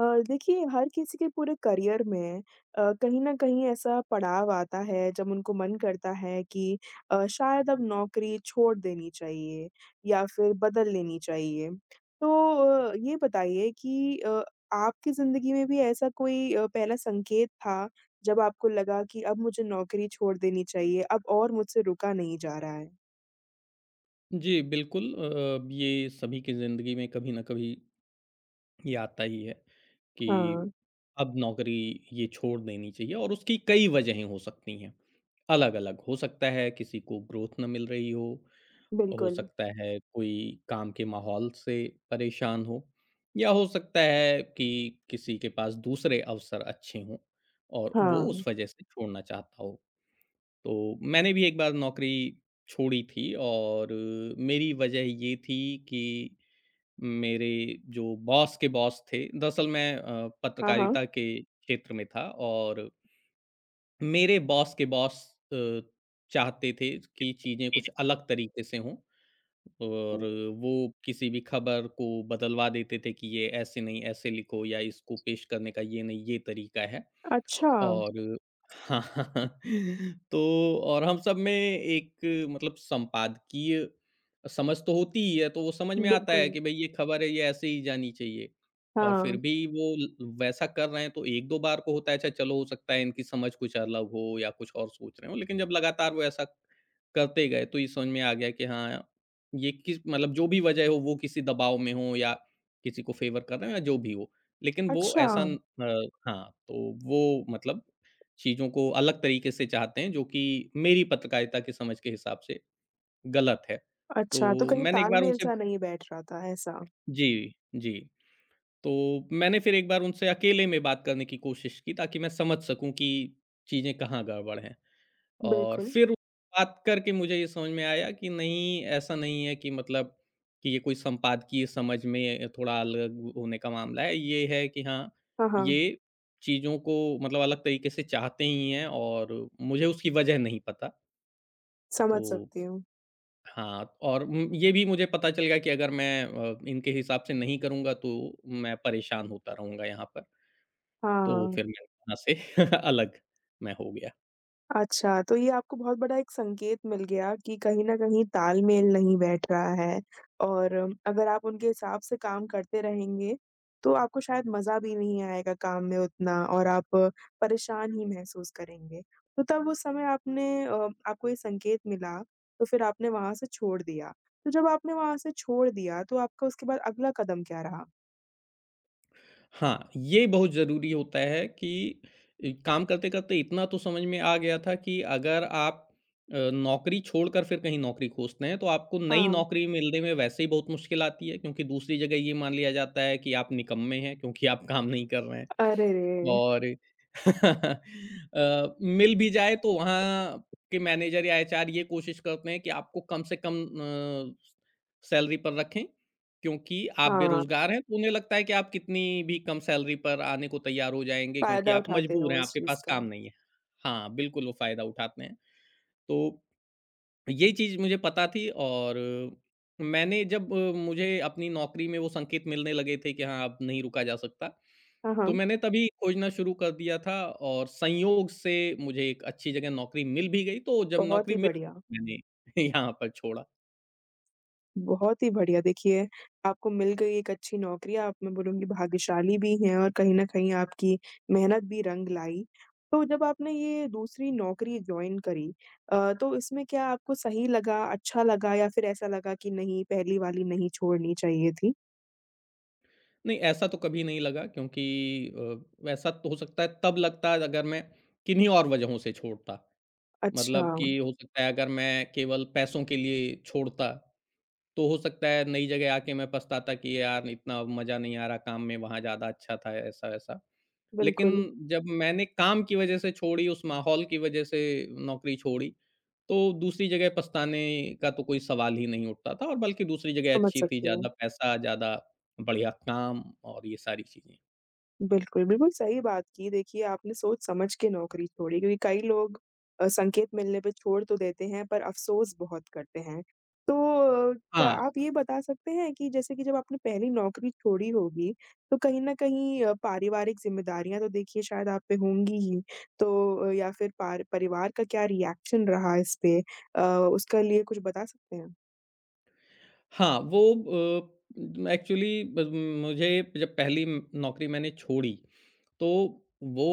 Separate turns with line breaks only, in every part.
अ, देखिए हर किसी के पूरे करियर में अ, कहीं न कहीं ऐसा पड़ाव आता है जब उनको मन करता है कि अ, शायद अब नौकरी छोड़ देनी चाहिए या फ़िर बदल लेनी चाहिए। तो अ, ये बताइए कि अ, आपकी ज़िंदगी में भी ऐसा कोई अ, पहला संकेत था जब आपको लगा कि अब मुझे नौकरी छोड़ देनी चाहिए, अब और मुझसे रुका नहीं जा रहा है?
जी बिल्कुल अ, ब ये सभी की ज़िंदगी में कभी ना कभी ये आता ही है कि
हाँ।
अब नौकरी ये छोड़ देनी चाहिए और उसकी कई वजहें हो सकती हैं अलग-अलग। हो सकता है किसी को ग्रोथ ना मिल रही हो, हो
बिल्कुल।
सकता है कोई काम के माहौल से परेशान हो या हो सकता है कि किसी के पास दूसरे अवसर अच्छे हों और वो
हाँ।
उस वज़ह से छोड़ना चाहता हो। तो मैंने भी एक बार नौकरी छोड़ी थी और मेरी वज़ह ये थी कि मेरे जो बॉस के बॉस थे दरअसल मैं अ,
हाँ, हाँ।
पत्रकारिता के क्षेत्र में था और मेरे बॉस के बॉस अ, चाहते थे कि चीज़ें कुछ अलग तरीक़े से हों और वो किसी भी ख़बर को बदलवा देते थे कि ये ऐसे नहीं ऐसे लिखो या इसको पेश करने का ये नहीं ये तरीक़ा है
अच्छा।
और हाँ, हाँ, हाँ तो और हम सब में एक मतलब संपादकीय समझ तो होती ही है तो वो समझ में आता है
बिल्कुल।
कि भई ये ख़बर है ये ऐसे ही जानी चाहिए। और फ़िर
हाँ।
भी वो ल वैसा कर रहे हैं तो 1-2 बार को होता है अच्छा चलो हो सकता है इनकी समझ कुछ अलग हो या कुछ और सोच रहे हों लेक़िन जब लगातार वो ऐसा करते गए तो ये समझ में आ गया कि हाँ, ये किस मतलब जो भी वज़ह हो वो किसी दबाव में हो या किसी को फ़ेवर कर रहा है या जो भी हो लेक़िन वो ऐसा अ,
अच्छा।
हाँ तो वो मतलब चीज़ों को अलग तरीक़े से चाहते हैं जो कि मेरी पत्रकारिता के समझ के हिसाब से ग़लत है।
अच्छा। तो
तो
कहीं
मैंने एक बार उनसे
तालमेल-सा नहीं बैठ रहा था ऐसा?
जी, जी। तो मैंने फ़िर एक बार उनसे अकेले में बात करने की कोशिश की ताकि मैं समझ सकूँ कि चीज़ें कहाँ गड़बड़ हैं और
बिल्कुल।
फ़िर बात करके मुझे ये समझ में आया कि नहीं ऐसा नहीं है कि मतलब कि ये कोई संपादकीय समझ में अ, थोड़ा अलग वो होने का मामला है। ये है कि हाँ
हाँ, हाँ।
ये चीज़ों को मतलब अलग तरीक़े से चाहते ही हैं और मुझे उसकी वज़ह नहीं पता।
समझ
तो
सकती हूँ।
हाँ, और उम, ये भी मुझे पता चल गया कि अगर मैं अ, इनके हिसाब से नहीं करूँगा तो, मैं परेशान होता रहूँगा यहाँ पर।
हाँ,
तो
हाँ।
फिर मैं वहाँ से अलग मैं हो गया।
अच्छा, तो ये आपको बहुत बड़ा एक संकेत मिल गया कि कहीं न कहीं तालमेल नहीं बैठ रहा है और अगर आप उनके हिसाब से काम करते रहेंगे, तो आपको शायद मज़ा भी नहीं आएगा काम में उतना और आप परेशान ही महसूस करेंगे। तो तब उस समय आपने अ, आपको ये संकेत मिला, तो फिर आपने वहाँ से छोड़ दिया। तो जब आपने वहाँ से छोड़ दिया तो आपका उसके बाद अगला कदम क्या रहा?
हाँ, ये बहुत ज़रूरी होता है कि इ काम करते-करते इतना तो समझ में आ गया था कि अगर आप अ, नौकरी छोड़कर फिर कहीं नौकरी खोजते हैं, तो आपको नई
हाँ।
नौकरी मिलने में वैसे ही बहुत मुश्किल आती है क्योंकि दूसरी जगह ये मान लिया जाता है कि आप निकम्मे हैं, क्योंकि आप काम नहीं कर रहे हैं।
अरे रे!
और अ, मिल भी जाए तो वहाँ के मैनेजर या एचआर ये कोशिश करते हैं कि आपको कम से कम अ, स सैलरी पर रखें क्योंकि आप
हाँ।
बेरोज़गार हैं। तो उन्हें लगता है कि आप कितनी भी कम सैलरी पर आने को तैयार हो जाएँगे क्योंकि
फ़ायदा
आप
उठाते हैं
मजबूर
वो
हैं,
इस
आपके
चीज़
पास
का।
काम नहीं है। हाँ, बिल्कुल वो फ़ायदा उठाते हैं। तो ये चीज़ मुझे पता थी और मैंने जब मुझे अपनी नौकरी में वो संकेत मिलने लगे थे कि हाँ, अब नहीं रुका जा सकता,
हाँ,
तो
हाँ।
मैंने तभी खोजना शुरू कर दिया था और संयोग से मुझे एक अच्छी जगह नौकरी मिल भी गई। तो जब
बहुत
नौकरी
ही
मिल
बढ़िया।
मैंने यहाँ पर छोड़ा।
बहुत ही बढ़िया देखिए आपको मिल गई एक अच्छी नौकरी आप मैं बोलूँगी भाग्यशाली भी हैं और कहीं न कहीं आपकी मेहनत भी रंग लाई। तो जब आपने ये दूसरी नौकरी जॉइन करी अ, तो इसमें क्या आपको सही लगा? अच्छा लगा? या फिर ऐसा लगा कि नहीं पहली वाली नहीं छोड़नी चाहिए थी?
नहीं, ऐसा तो कभी नहीं लगा क्योंकि अ, वैसा तो हो सकता है तब लगता है अगर मैं किन्हीं और वजहों से छोड़ता। मतलब
अच्छा।
कि हो सकता है अगर मैं केवल पैसों के लिए छोड़ता, तो हो सकता है नई जगह आके मैं पछताता कि यार इतना मज़ा नहीं आ रहा काम में, वहाँ ज़्यादा अच्छा था ऐसा-वैसा।
बिल्कुल।
लेकिन जब मैंने काम की वजह से छोड़ी, उस माहौल की वजह से नौकरी छोड़ी, तो दूसरी जगह पछताने का तो कोई सवाल ही नहीं उठता था और बल्कि दूसरी जगह
समझ
अच्छी थी
सकती
ज़्यादा
हूँ।
पैसा, ज़्यादा बढ़िया काम और ये सारी चीज़ें।
बिल्कुल, बिल्कुल सही बात की देखिए आपने सोच समझ के नौकरी छोड़ी क्योंकि कई लोग अ, संकेत मिलने पे छोड़ तो देते हैं पर अफ़सोस बहुत करते हैं। तो क
हाँ।
आप ये बता सकते हैं कि जैसे कि जब आपने पहली नौकरी छोड़ी होगी, तो कहीं न कहीं अ, पारिवारिक ज़िम्मेदारियाँ तो देखिए शायद आप पे होंगी ही तो या फिर पार परिवार का क्या रिएक्शन रहा इस पे अ, उसका लिए कुछ बता सकते हैं?
हाँ वो अ, एक्चुअली ब म मुझे जब पहली म नौकरी मैंने छोड़ी, तो वो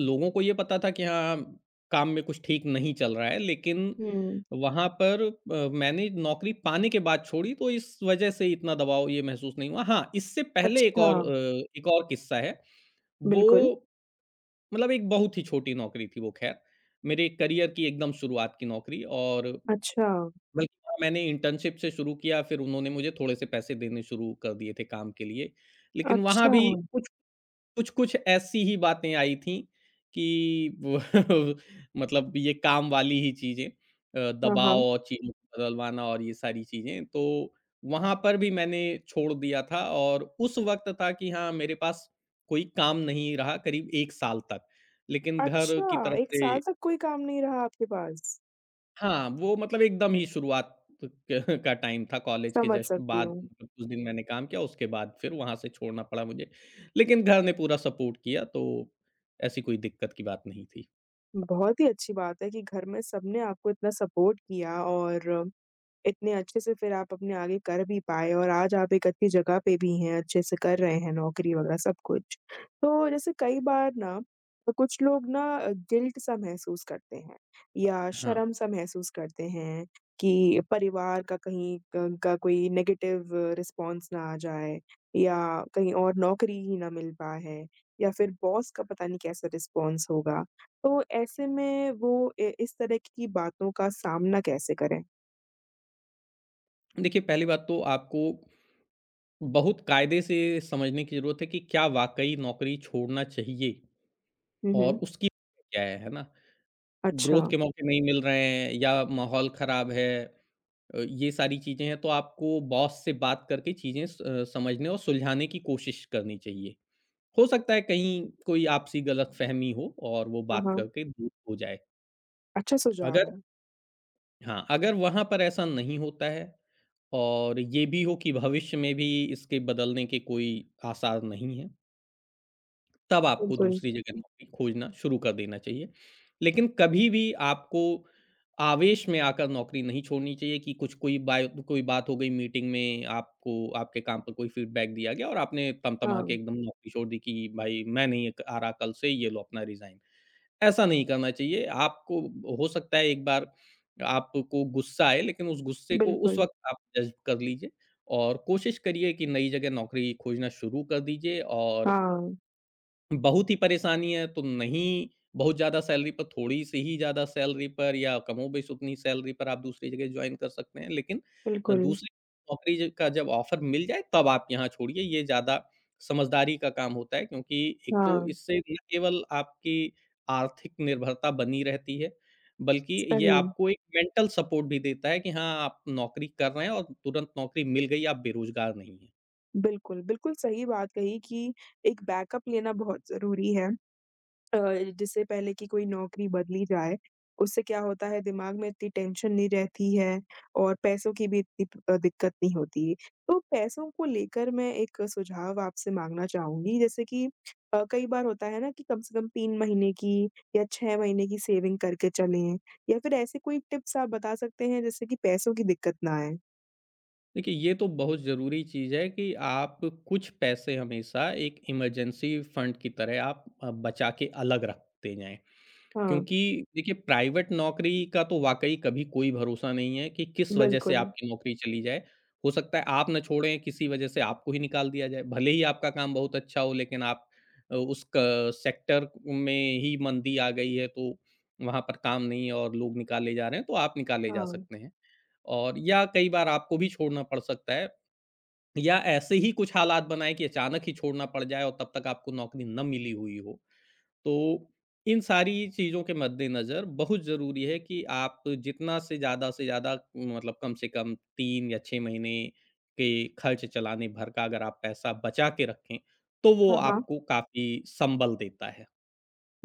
लोगों को ये पता था कि, हाँ, हाँ काम में कुछ ठीक नहीं चल रहा है लेक़िन
हुँ।
वहाँ पर अ, मैंने नौकरी पाने के बाद छोड़ी तो इस वजह से इतना दबाव ये महसूस नहीं हुआ। हाँ, इससे पहले एक और
अच्छा।
अ, एक और किस्सा है,
बिल्कुल।
वो मतलब एक बहुत ही छोटी नौकरी थी वो ख़ैर मेरे करियर की एकदम शुरुआत की नौकरी और
अच्छा।
बल्कि ना मैंने इंटर्नशिप से शुरू किया, फ़िर उन्होंने मुझे थोड़े-से पैसे देने शुरू कर दिए थे काम के लिए। लेक़िन
अच्छा।
वहाँ भी कुछ कुछ, कुछ ऐसी ही बातें आई थीं कि वो मतलब ये काम वाली ही चीज़ें अ,
हाँ,
दबाव
हाँ।
और चिन्ह बदलवाना और ये सारी चीज़ें। तो वहाँ पर भी मैंने छोड़ दिया था और उस वक़्त था कि हाँ मेरे पास कोई काम नहीं रहा करीब 1 साल तक, लेक़िन घर की
अच्छा,
तरफ़
1
से
साल तक कोई काम नहीं रहा आपके पास?
हाँ, वो मतलब एकदम ही शुरुआत त का टाइम था कॉलेज के
समझ
जस्ट
सकती
बाद
हूँ।
कुछ दिन मैंने काम किया उसके बाद फ़िर वहाँ से छोड़ना पड़ा मुझे। लेक़िन घर ने पूरा सपोर्ट किया तो ऐसी कोई दिक़्क़त की बात नहीं थी।
बहुत ही अच्छी बात है कि घर में सबने आपको इतना सपोर्ट किया और इतने अच्छे से फिर आप अपने आगे कर भी पाए और आज आप एक अच्छी जगह पे भी हैं। अच्छे से कर रहे हैं नौकरी वगैरह सब कुछ। तो जैसे कई बार ना क कुछ लोग ना गिल्ट सा महसूस करते हैं या
हाँ।
शर्म-सा महसूस करते हैं कि परिवार का कहीं क उनका कोई नेगेटिव रिस्पॉन्स ना आ जाए या कहीं और नौकरी ही ना मिल पा है या फिर बॉस का पता नहीं कैसा रिस्पॉन्स होगा। तो ऐसे में वो ए इस तरह की बातों का सामना कैसे करें?
देखिए, पहली बात तो आपको बहुत कायदे से समझने की ज़रूरत है कि, क्या वाक़ई नौकरी छोड़ना चाहिए
हुँ,
और
हुँ।
उसकी [unintelligible] क्या है, है ना? ग्रोथ
अच्छा।
के मौके नहीं मिल रहे हैं या माहौल ख़राब है। अ, ये सारी चीज़ें हैं तो आपको बॉस से बात करके चीज़ें स अ, समझने और सुलझाने की कोशिश करनी चाहिए। हो सकता है कहीं कोई आपसी ग़लतफ़हमी हो और वो
हाँ,
बात
हाँ।
करके दूर हो जाए।
अच्छा सुझाव
अगर
है।
हाँ, अगर वहाँ पर ऐसा नहीं होता है, और ये भी हो कि भविष्य में भी इसके बदलने के कोई आसार नहीं है। तब आपको
बिल्कुल।
दूसरी जगह नौकरी खोजना शुरू कर देना चाहिए। लेकिन कभी भी आपको आवेश में आकर नौकरी नहीं छोड़नी चाहिए कि कुछ कोई बाय कोई बात हो गई मीटिंग में आपको आपके काम पर कोई फ़ीडबैक दिया गया और आपने तम-तमा
हाँ।
के एकदम नौकरी छोड़ दी कि भाई, मैं नहीं एक आरा कल से, ये लो अपना रिज़ाइन, ऐसा नहीं करना चाहिए आपको। हो सकता है एक बार आपको गुस्सा आए लेकिन उस गुस्से को उस
बिल्कुल।
वक़्त आप डाइजेस्ट कर लीजिए और कोशिश करिए कि नई जगह नौकरी खोजना शुरू कर दीजिए और
हाँ।
बहुत ही परेशानी है तो नहीं, बहुत ज़्यादा सैलरी पर थोड़ी-सी ही ज़्यादा सैलरी पर या कमोबेश ही उतनी सैलरी पर आप दूसरी जगह जॉइन कर सकते हैं लेकिन अ,
बिल्कुल।
दूसरे नौकरी ज का जब ऑफ़र मिल जाए तब आप यहाँ छोड़िए। ये ज़्यादा समझदारी का काम होता है क्योंकि एक तो
हाँ।
इससे ना केवल आपकी आर्थिक निर्भरता बनी रहती है, बल्कि ये
[unintelligible]
आपको एक मेंटल सपोर्ट भी देता है कि हाँ, आप नौकरी कर रहे हैं और तुरंत नौकरी मिल गई। आप बेरोज़गार नहीं हैं।
बिल्कुल, बिल्कुल सही बात कही कि एक बैकअप लेना बहुत ज़रूरी है। अ, जिससे पहले कि कोई नौकरी बदली जाए उससे क्या होता है दिमाग में इतनी टेंशन नहीं रहती है और पैसों की भी इतनी प अ, दिक़्क़त नहीं होती। तो पैसों को लेकर मैं एक सुझाव आपसे माँगना चाहूँगी जैसे कि अ, कई बार होता है ना, कि कम से कम 3 महीने की या 6 महीने की सेविंग करके चलें या फ़िर ऐसे कोई टिप्स आप बता सकते हैं जिससे कि पैसों की दिक़्क़त ना आए?
देखिए, ये तो बहुत ज़रूरी चीज़ है कि आप कुछ पैसे हमेशा एक इमरजेंसी फंड की तरह आप अ, बचा के अलग रखते जाएँ।
हाँ।
क्योंकि देखिए प्राइवेट नौकरी का तो वाक़ई कभी कोई भरोसा नहीं है कि किस वजह से
बिल्कुल।
आपकी नौकरी चली जाए। हो सकता है आप ना छोड़ें किसी वजह से आपको ही निकाल दिया जाए, भले ही आपका काम बहुत अच्छा हो लेक़िन आप अ, उस क सेक्टर में ही मंदी आ गई है तो वहाँ पर काम नहीं है और लोग निकाले जा रहे हैं तो आप निकाले जा
हाँ।
सकते हैं। और या कई बार आपको भी छोड़ना पड़ सकता है। या ऐसे ही कुछ हालात बनाएँ कि अचानक ही छोड़ना पड़ जाए और तब तक आपको नौकरी न मिली हुई हो। तो इन सारी चीज़ों के मद्देनज़र बहुत ज़रूरी है कि आप जितना से ज़्यादा से ज़्यादा मतलब कम से कम 3 या 6 महीने के ख़र्च चलाने भर का अगर आप पैसा बचा के रखें। तो वो
हाँ, हाँ।
आपको काफ़ी संबल देता है।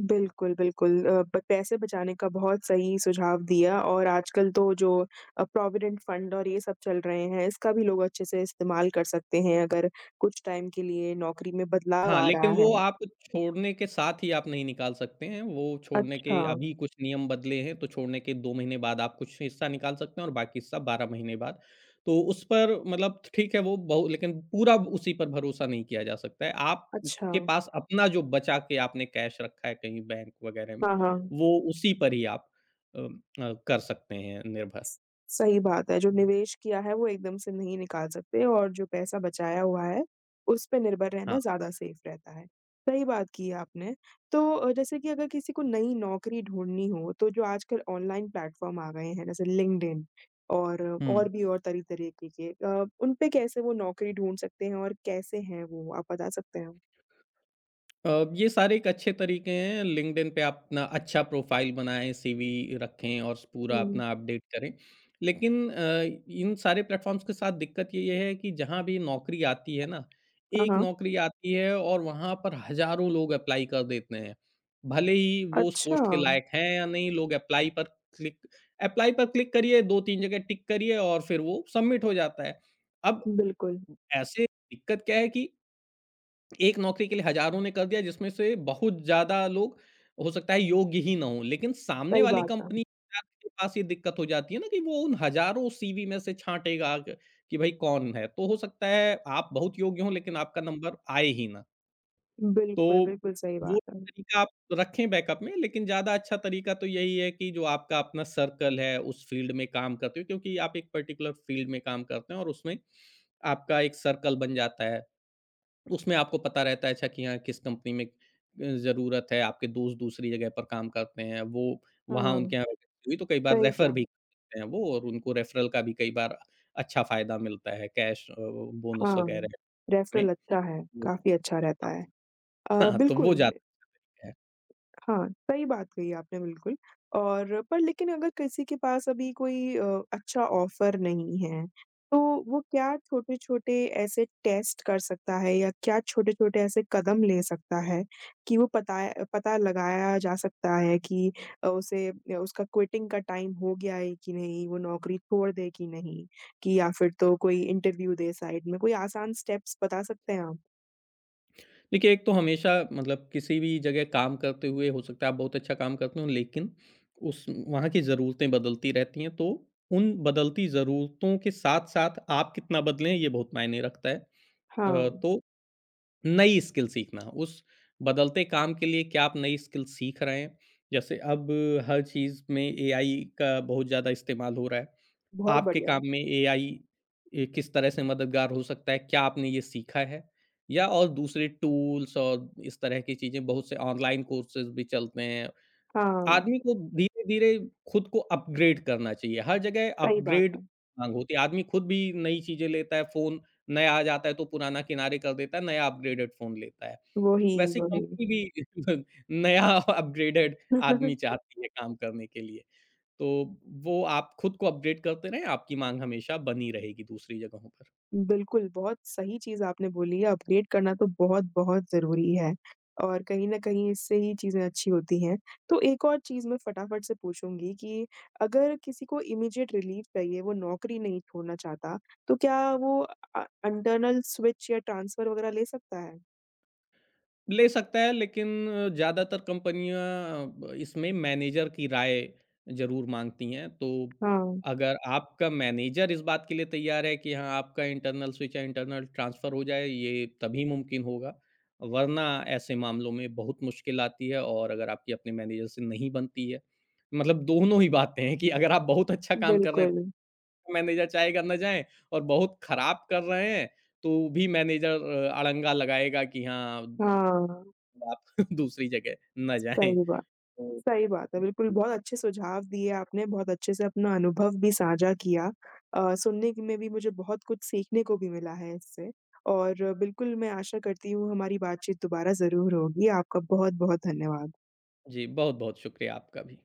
बिल्कुल, बिल्कुल। अ, ब पैसे बचाने का बहुत सही सुझाव दिया और आजकल तो जो अ, प्रॉविडेंट फ़ंड और ये सब चल रहे हैं, इसका भी लोग अच्छे से इस्तेमाल कर सकते हैं अगर कुछ टाइम के लिए नौकरी में बदलाव
हाँ,
आ
लेकिन
रहा
वो
है।
आप छोड़ने के साथ ही आप नहीं निकाल सकते हैं। वो छोड़ने के
अच्छा।
अभी कुछ नियम बदले हैं तो छोड़ने के 2 महीने बाद आप कुछ हिस्सा निकाल सकते हैं और बाकी सब 12 महीने बाद। तो उस पर मतलब ठ ठीक है वो बहु लेकिन पूरा ब उसी पर भरोसा नहीं किया जा सकता है। आपके
अच्छा।
पास अपना जो बचा के आपने कैश रखा है कहीं बैंक वग़ैरह में,
हाँ, हाँ।
वो उसी पर ही आप अ अ, कर सकते हैं निर्भर।
सही बात है। जो निवेश किया है वो एकदम से नहीं निकाल सकते और जो पैसा बचाया हुआ है, उस पे निर्भर रहना
हाँ।
ज़्यादा सेफ़ रहता है। सही बात की आपने। तो अ, जैसे कि अगर किसी को नई नौकरी ढूँढ़नी हो तो जो आजकल ऑनलाइन प्लेटफ़ॉर्म आ गए हैं ना, ज लिंक्डइन और और
हुँ।
भी और तरह तरीके के अ, उन पे कैसे वो नौकरी ढूँढ़ सकते हैं और कैसे हैं वो आप बता सकते हैं?
अ, ये सारे एक अच्छे तरीके हैं। लिंक्डइन पे आप अपना अच्छा प्रोफ़ाइल बनाएँ, सीवी रखें और स पूरा
हुँ।
अपना अपडेट करें। लेकिन अ, इन सारे प्लेटफ़ॉर्म्स के साथ दिक्कत ये ही है कि जहाँ भी नौकरी आती है ना,
हाँ,
एक
हाँ।
नौकरी आती है और वहाँ पर हज़ारों लोग एप्लाई कर देते हैं। भले ही वो उस पोस्ट के
अच्छा।
लायक हैं या नहीं, लोग एप्लाई पर क्लिक एप्लाई पर क्लिक करिए 2-3 जगह टिक करिए और फिर वो सबमिट हो जाता है। अब
बिल्कुल।
उ ऐसे दिक्कत क्या है कि एक नौकरी के लिए हज़ारों ने कर दिया जिसमें से बहुत ज़्यादा लोग, हो सकता है योग्य ही ना हों लेकिन सामने
सही
वाली
बात है।
कंपनी [unintelligible] के पास ये दिक्कत हो जाती है ना कि वो उन हज़ारों सीवी में से छाँटेगा क कि भाई कौन है। तो हो सकता है आप बहुत योग्य हों लेकिन आपका नंबर आए ही ना। तो
बिल्कुल, बिल्कुल सही
वो
बात है।
तरीक़ा आप रखें बैकअप में लेक़िन ज़्यादा अच्छा तरीक़ा तो यही है कि जो आपका अपना सर्कल है उस फ़ील्ड में काम करते हो क्योंकि आप एक पर्टिकुलर फ़ील्ड में काम करते हैं और उसमें आपका एक सर्कल बन जाता है। उसमें आपको पता रहता है अच्छा कि हाँ, किस कंपनी में अ, ज़रूरत है आपके दोस्त दूसरी जगह पर काम करते हैं वो वहाँ
हाँ।
उनके यहाँ वेकन्सी हुई तो कई बार
सही
रेफ़र
कहा।
भी देते हैं वो और उनको रेफ़रल का भी कई बार अ, अच्छा फ़ायदा मिलता है कैश अ, बोनस
हाँ,
वग़ैरह
रेफ़रल
में।
लगता है।
वो
काफ़ी अच्छा रहता है।
हाँ,
अ,
हाँ तो वो
बिल्कुल।
जाता है।
हाँ, सही बात कही आपने बिल्कुल और पर लेक़िन अगर किसी के पास अभी कोई अ, अच्छा ऑफ़र नहीं है तो वो क्या छोटे-छोटे ऐसे टेस्ट कर सकता है या क्या छोटे-छोटे ऐसे कदम ले सकता है कि वो पताए अ, पता लगाया जा सकता है कि अ, उसे अ, उसका क्विटिंग का टाइम हो गया है कि नहीं वो नौकरी छोड़ दे कि नहीं कि, या फ़िर तो कोई इंटरव्यू दे साइड में कोई आसान स्टेप्स बता सकते हैं आप?
देखिए एक तो हमेशा मतलब किसी भी जगह काम करते हुए हो सकता है आप बहुत अच्छा काम करते हो लेक़िन उस वहाँ की ज़रूरतें बदलती रहती हैं तो उन बदलती ज़रूरतों के साथ-साथ आप कितना बदले हैं ये बहुत मायने रखता है। अ,
हाँ।
तो नई स्किल सीखना उस बदलते काम के लिए क्या आप नई स्किल सीख रहे हैं? जैसे अब हर चीज़ में एआई का बहुत ज़्यादा इस्तेमाल हो रहा है।
बहुत
आपके
बढ़िया।
काम में एआई अ, किस तरह से मददगार हो सकता है? क्या आपने ये सीखा है? या और दूसरे टूल्स और इस तरह की चीज़ें बहुत से ऑनलाइन कोर्सेज़ भी चलते हैं।
हाँ।
आदमी को धीरे-धीरे ख़ुद को अपग्रेड करना चाहिए, हर जगह
सही बात
अपग्रेड
है।
हाँ, होती है। आदमी ख़ुद भी नई चीज़ें लेता है। फ़ोन नया आ जाता है तो पुराना किनारे कर देता है, नया अपग्रेडेड फ़ोन लेता है,
वो ही
वैसे ही
वो ही।
कंपनी भी नया अपग्रेडेड आदमी चाहती है काम करने के लिए। तो वो आप ख़ुद को अपग्रेड करते रहें आपकी माँग हमेशा बनी रहेगी दूसरी जगहों पर।
बिल्कुल, बहुत सही चीज़ आपने बोली है अपडेट करना तो बहुत-बहुत ज़रूरी है, और कहीं न कहीं इससे ही चीज़ें अच्छी होती हैं। तो एक और चीज़ मैं फटाफट से पूछूँगी कि अगर किसी को इमीडिएट रिलीफ़ चाहिए वो नौकरी नहीं छोड़ना चाहता तो क्या वो अ, इंटर्नल स्विच या ट्रांसफ़र वग़ैरह ले सकता है?
ले सकता है लेक़िन अ, ज़्यादातर कंपनियाँ अ, ब इसमें मैनेजर की राय ज़रूर माँगती हैं तो
हाँ।
अगर आपका मैनेजर इस बात के लिए तैयार है कि हाँ, आपका इंटर्नल स्विच या इंटर्नल ट्रांसफ़र हो जाए ये तभी मुमकिन होगा। वरना ऐसे मामलों में बहुत मुश्किल आती है और अगर आपकी अपनी मैनेजर से नहीं बनती है मतलब दोनों ही बातें हैं कि अगर आप बहुत अच्छा काम कर रहे हैं
बिल्कुल।
तो मैनेजर चाहेगा ना जाए और बहुत ख़राब कर रहे हैं तो भी मैनेजर अ, अड़ंगा लगाएगा कि हाँ अ, द
हाँ।
आप दूसरी जगह ना जाएँ
सही बात,
तो उ
सही बात है। बिल्कुल
जी,
बहुत
जी।
अच्छे सुझाव दिए आपने बहुत अच्छे से अपना अनुभव भी साझा किया। अ, सुनने के में भी मुझे बहुत कुछ सीखने को भी मिला है इससे, और बिल्कुल मैं आशा करती हूँ हमारी बातचीत दोबारा ज़रूर होगी। आपका बहुत-बहुत धन्यवाद।
जी, बहुत-बहुत शुक्रिया आपका भी।